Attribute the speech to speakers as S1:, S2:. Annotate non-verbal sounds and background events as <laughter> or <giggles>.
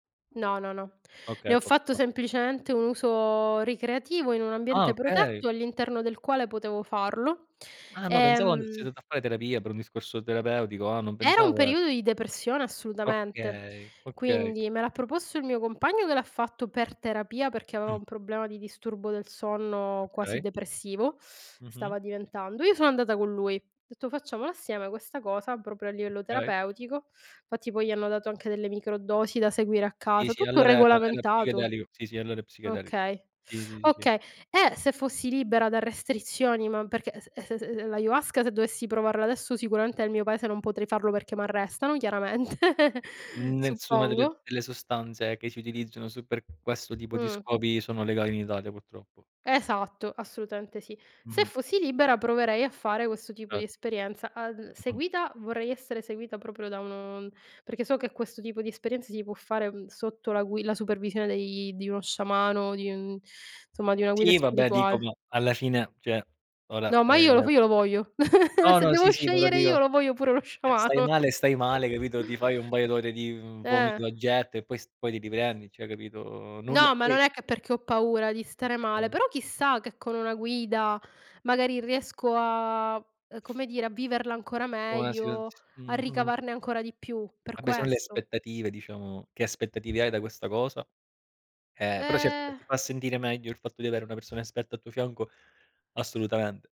S1: No, no, no.
S2: Okay
S1: Ne ho fatto
S2: <unintelligible>
S1: semplicemente un uso ricreativo, in un
S2: Ah,
S1: ambiente
S2: okay.
S1: protetto, all'interno del quale potevo farlo.
S2: Ah no, pensavo and <unintelligible>
S1: Ehm
S2: andato a fare terapia per un discorso terapeutico. Ah, non
S1: era un
S2: pensavo e
S1: periodo di depressione, assolutamente,
S2: Okay, okay.
S1: quindi, me l'ha proposto il mio compagno che l'ha fatto per terapia perché aveva
S2: Mh.
S1: un problema di disturbo del sonno quasi
S2: Okay.
S1: depressivo, <sucks teeth>
S2: Mh-mh.
S1: stava diventando. Io sono andata con lui, ho detto: "Facciamola assieme questa cosa, proprio a livello
S2: Okay.
S1: terapeutico." Fatti, poi, gli hanno dato anche delle microdosi da seguire a
S2: Sì,
S1: casa,
S2: sì,
S1: tutto
S2: allora era era
S1: regolamentato.
S2: psichedelico. Sì, sì, allora è psichedelico.
S1: Okay,
S2: Sì,
S1: <sucks teeth>
S2: sì, sì, sì.
S1: okay. Eh, se fossi libera da restrizioni, ma perché es s s ehm l' ayahuasca se dovessi provarla adesso, sicuramente, nel mio paese non potrei farlo, perché m'arrestano, chiaramente, <giggles>
S2: Nessuna delle
S1: suppongo.
S2: delle sostanze che si utilizzano su per questo tipo di
S1: Mh.
S2: scopi sono legali in Italia, purtroppo.
S1: Esatto, assolutamente sì. Se
S2: Mh-mh.
S1: fossi libera proverei a fare questo tipo di
S2: Ce
S1: esperienza. Al
S2: Mh-mh.
S1: seguita vorrei essere seguita proprio da uno perché so che questo tipo di esperienza si può fare, ehm, sotto la gui la supervisione dei di uno sciamano, di un insomma di una guida
S2: Sì, vabbè, dico
S1: spirituale.
S2: ma, alla fine cioè, ora
S1: No, ma io lo
S2: ehm
S1: f io lo voglio. <giggles>
S2: No,
S1: Se
S2: no,
S1: devo
S2: sì, sì, però,
S1: scegliere io,
S2: dico
S1: lo voglio pure lo
S2: eh, stai
S1: sciamano.
S2: male, stai male, capito, ti fai un paio d'ore di
S1: Eh.
S2: vomito a getto e poi s poi ti riprendi, cioè, capito. Nulla
S1: No, ma non
S2: poi
S1: è che perché ho paura di stare male,
S2: Okay.
S1: però, chissà, che con una guida, magari, riesco a, ehm, come dire, a viverla ancora
S2: Una situaz
S1: meglio, a
S2: mh-mh.
S1: ricavarne ancora di più, per
S2: A beh, son le
S1: questo.
S2: aspettative, diciamo che aspettative hai da questa cosa? Eh, però certo, se
S1: Ehm
S2: ti fa sentire meglio il fatto di avere una persona esperta al tuo fianco, assolutamente.